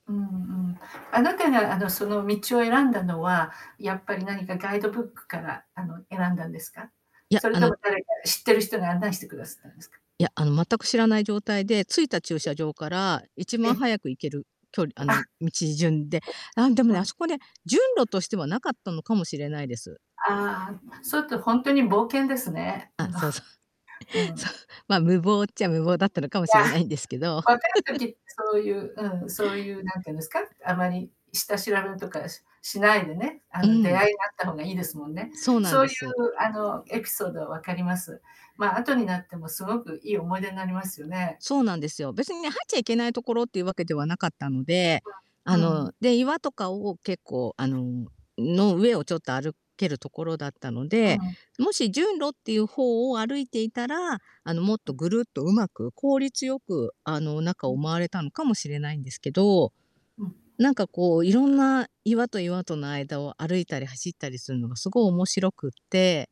うんうん、あなたが、あの、その道を選んだのは、やっぱり何かガイドブックから、あの、選んだんですか？いや、それあとのも誰か知ってる人が案内してくだすったんですか？いや、あの、全く知らない状態で、着いた駐 車場からいちまえ、んお早く行ける距離あ。あの、道順で。なん、でもうね、あん。そこね、順路としては無かったのかもしれないです。ああ、それってほんとに冒険ですね。ああ、のそうそう。うそん。う。ま、無謀っちゃ無謀だったのかもいや、しれないんですけど。若い 時ってそういう、うん、そういう何ていうんですか、あまり下調べとかししないでね、あうの、出ん。会いがあった方がいいですもんね。そうなんそうでいうす。あの、エピソード分かります。ま、後になってもすごくいい思い出なりますよね。そうなんですよ。別にね、入っちゃいけない所っていうわけではなかったので、わ、あうの、ん。で、岩とかを結構あのの上をちょっと歩けるところだったのうで、ん。もし順路っていう方を歩いていたら、あの、もっうとん。ぐるっと上手く、効率よく、あの、中ううをん。回れたのかもしれないんですけど、うん。なんかこういろんな岩と岩との間を歩いたり走ったりすんのがすご面白くって